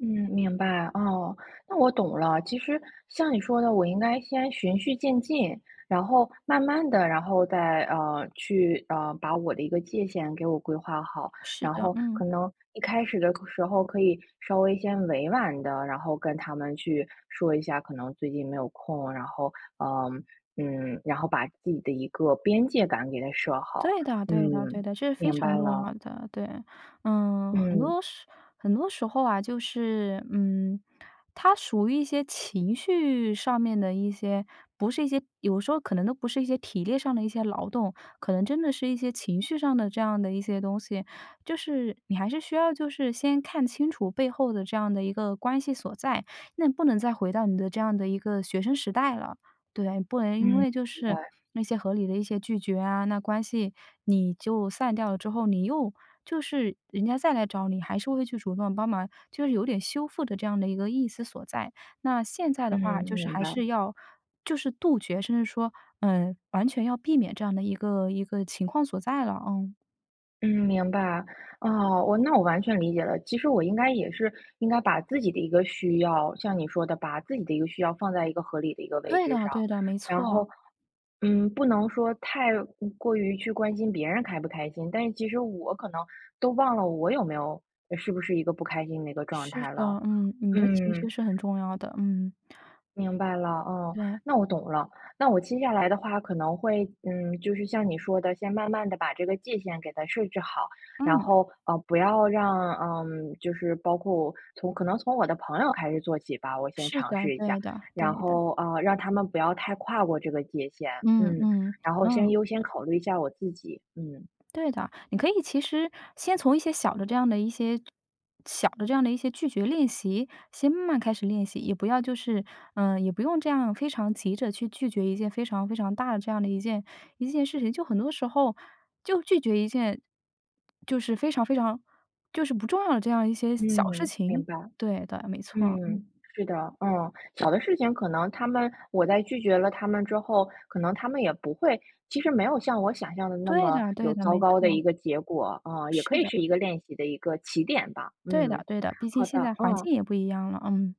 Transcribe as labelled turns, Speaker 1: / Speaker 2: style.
Speaker 1: 嗯，明白。哦，那我懂了，其实像你说的，我应该先循序渐进，然后慢慢地然后再，呃，去呃，把我的一个界限给我规划好。
Speaker 2: 是
Speaker 1: 然
Speaker 2: 的，
Speaker 1: 后
Speaker 2: 嗯。
Speaker 1: 可能一开始的时候可以稍微先委婉地然后跟他们去说一下，可能最近没有空，然后，呃，嗯然后把自己的一个边界感给它设好，
Speaker 2: 对的对的对
Speaker 1: 嗯，
Speaker 2: 的，这是非
Speaker 1: 明
Speaker 2: 常
Speaker 1: 白
Speaker 2: 重
Speaker 1: 了。
Speaker 2: 要的，对。呃，很
Speaker 1: 嗯。
Speaker 2: 多时很多时候啊，就是，嗯，它属于一些情绪上面的一些不是一些，有时候可能都不是一些体力上的一些劳动，可能真的是一些情绪上的这样的一些东西。就是你还是需要就是先看清楚背后的这样的一个关系所在，那不能再回到你的这样的一个学生时代了。对，不能因
Speaker 1: 嗯，
Speaker 2: 为就
Speaker 1: 明
Speaker 2: 是
Speaker 1: 白。
Speaker 2: 那些合理的一些拒绝啊，那关系你就散掉了之后，你又就是人家再来找你，还是会去主动帮忙，就是有点修复的这样的一个意思所在，那现在的
Speaker 1: 嗯，
Speaker 2: 话就是
Speaker 1: 明
Speaker 2: 还
Speaker 1: 白。
Speaker 2: 是要就是杜绝，甚至说，呃，完全要避免这样的一个一个情况所在了啊。
Speaker 1: 嗯，明白。哦，我那我完全理解了，其实我应该也是应该把自己的一个需要像你说的，把自己的一个需要放在一个合理的一个位
Speaker 2: 对
Speaker 1: 置
Speaker 2: 的
Speaker 1: 上。
Speaker 2: 对的，没
Speaker 1: 然
Speaker 2: 错。
Speaker 1: 后，嗯，不能说太过于去关心别人开不开心，但是其实我可能都忘了我有没有是不是一个不开心的一个状
Speaker 2: 是
Speaker 1: 态
Speaker 2: 的。
Speaker 1: 了。
Speaker 2: 嗯，你的情绪
Speaker 1: 嗯。
Speaker 2: 是很重要的，嗯。
Speaker 1: 明白了。哦，
Speaker 2: 对。
Speaker 1: 那我懂了，那我接下来的话，可能会嗯，就是像你说的，先慢慢地把这个界限给它设置好，然
Speaker 2: 嗯。
Speaker 1: 后，呃，不要让呃，就是包括从可能从我的朋友开始做起吧，我先
Speaker 2: 是
Speaker 1: 尝
Speaker 2: 的，
Speaker 1: 试一下，
Speaker 2: 对的，
Speaker 1: 然
Speaker 2: 对的。
Speaker 1: 后，呃，让他们不要太跨过这个界限。
Speaker 2: 嗯
Speaker 1: 嗯，
Speaker 2: 嗯，
Speaker 1: 然后先
Speaker 2: 嗯。
Speaker 1: 优先考虑一下我自己。嗯。
Speaker 2: 对的，你可以其实先从一些小的这样的一些小的这样的一些拒绝练习，先慢慢开始练习，也不要就是呃，也不用这样非常急着去拒绝一件非常非常大的这样的一件一件事情。就很多时候就拒绝一件就是非常非常就是不重要的这样一些小事
Speaker 1: 嗯，明
Speaker 2: 情。
Speaker 1: 白。
Speaker 2: 对对，没错。
Speaker 1: 嗯，
Speaker 2: 嗯。
Speaker 1: 是的。嗯，小的事情可能他们我在拒绝了他们之后，可能他们也不会其实没有像我想象的那
Speaker 2: 对
Speaker 1: 么
Speaker 2: 的
Speaker 1: 有
Speaker 2: 对的，
Speaker 1: 糟
Speaker 2: 没
Speaker 1: 糕的
Speaker 2: 错。
Speaker 1: 一个结果。啊，也可
Speaker 2: 是
Speaker 1: 以
Speaker 2: 的。
Speaker 1: 是一个练习的一个起点吧。
Speaker 2: 对的
Speaker 1: 嗯，
Speaker 2: 对的，毕竟
Speaker 1: 好
Speaker 2: 现
Speaker 1: 的。
Speaker 2: 在环
Speaker 1: 嗯。
Speaker 2: 境也不一样了，嗯。